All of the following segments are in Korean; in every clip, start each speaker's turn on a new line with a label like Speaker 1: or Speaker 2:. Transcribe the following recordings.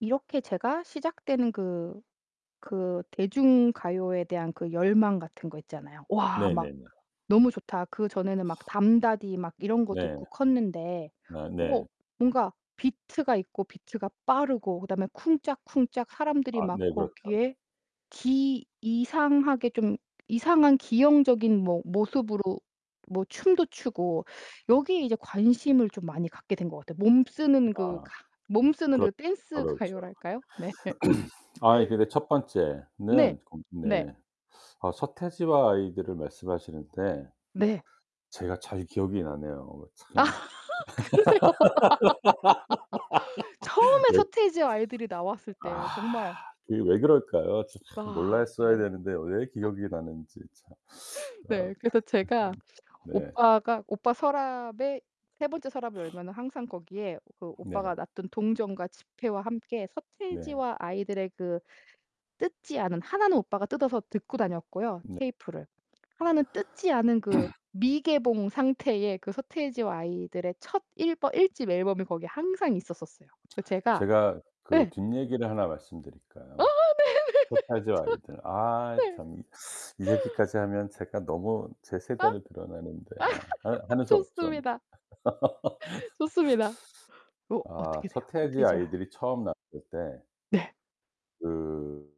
Speaker 1: 이렇게 제가 시작되는 그, 그 대중가요에 대한 그 열망 같은 거 있잖아요. '와 막
Speaker 2: 네네네.
Speaker 1: 너무 좋다.' 그 전에는 막 담다디 막 이런 거
Speaker 2: 네.
Speaker 1: 듣고 컸는데
Speaker 2: 아
Speaker 1: 어
Speaker 2: 네.
Speaker 1: 뭔가 비트가 있고 비트가 빠르고 그다음에 쿵짝쿵짝 사람들이
Speaker 2: 아,
Speaker 1: 막
Speaker 2: 네. 그렇죠.
Speaker 1: 거기에 기 이상하게 좀 이상한 기형적인 뭐 모습으로 뭐 춤도 추고 여기에 이제 관심을 좀 많이 갖게 된 것 같아요. 몸 쓰는 그
Speaker 2: 아
Speaker 1: 가 몸 쓰는
Speaker 2: 그렇죠,
Speaker 1: 그 댄스
Speaker 2: 그렇죠.
Speaker 1: 가요랄까요? 네.
Speaker 2: 아 이 근데 첫
Speaker 1: 네,
Speaker 2: 번째는 건
Speaker 1: 네.
Speaker 2: 네. 어 서태지와 아이들을 말씀하시는데
Speaker 1: 네.
Speaker 2: 제가 잘 기억이 나네요. 어
Speaker 1: 아
Speaker 2: 참.
Speaker 1: 그러세요. 처음에
Speaker 2: 예.
Speaker 1: 서태지와 아이들이 나왔을
Speaker 2: 아.
Speaker 1: 때 정말
Speaker 2: 그게 왜 그럴까요? 참
Speaker 1: 아.
Speaker 2: 몰랐어야
Speaker 1: 네.
Speaker 2: 되는데 왜 기억이 나는지 참. 아.
Speaker 1: 네.
Speaker 2: 음.
Speaker 1: 그래서 제가
Speaker 2: 네.
Speaker 1: 오빠가 오빠 서랍에 3 번째 서랍을 열면은 항상 거기에 그
Speaker 2: 네.
Speaker 1: 오빠가 놔둔 동전과 지폐와 함께
Speaker 2: 네.
Speaker 1: 서태지와 아이들의 그 뜯지 않은 하나는 오빠가 뜯어서 듣고 다녔고요
Speaker 2: 네.
Speaker 1: 테이프를. 하나는 뜯지 않은 그 미개봉 상태의 그 서태지와 아이들의 첫 일버 1 집 앨범이 거기에 항상 있었었어요. 그 제가
Speaker 2: 제가 그
Speaker 1: 예.
Speaker 2: 뒷 얘기를 하나
Speaker 1: 어어
Speaker 2: 말씀드릴까요?
Speaker 1: 네네네.
Speaker 2: 서태지와
Speaker 1: 좋아.
Speaker 2: 아이들.
Speaker 1: 네.
Speaker 2: 아이참. 이, 이 얘기까지 하면 제가 너무 제
Speaker 1: 아.
Speaker 2: 세대를 드러내는데 아 하느 하는 수 없죠 뭐.
Speaker 1: 좋습니다. 좋습니다. 그
Speaker 2: 아.
Speaker 1: 어떻게 돼요?
Speaker 2: 서태지
Speaker 1: 서태지와
Speaker 2: 아이들이 처음 나왔을 때
Speaker 1: 네.
Speaker 2: 그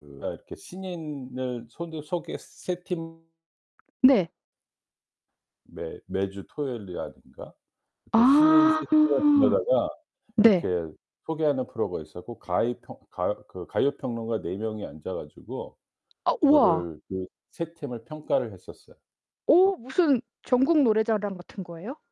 Speaker 2: 그 아 이렇게 신인을 손두 소개 3 팀
Speaker 1: 네.
Speaker 2: 매 매주 토요일이라든가 이렇게 신인 3
Speaker 1: 아.
Speaker 2: 팀을 불러다가
Speaker 1: 네.
Speaker 2: 이렇게 소개하는 프로가 있었고 가이 평 가요 그 가요 평론가 4 명이 앉아 가지고
Speaker 1: 아. 우와.
Speaker 2: 그거를 그 3 팀을 평가를 했었어요.
Speaker 1: 어? 무슨 전국노래자랑 같은 거예요?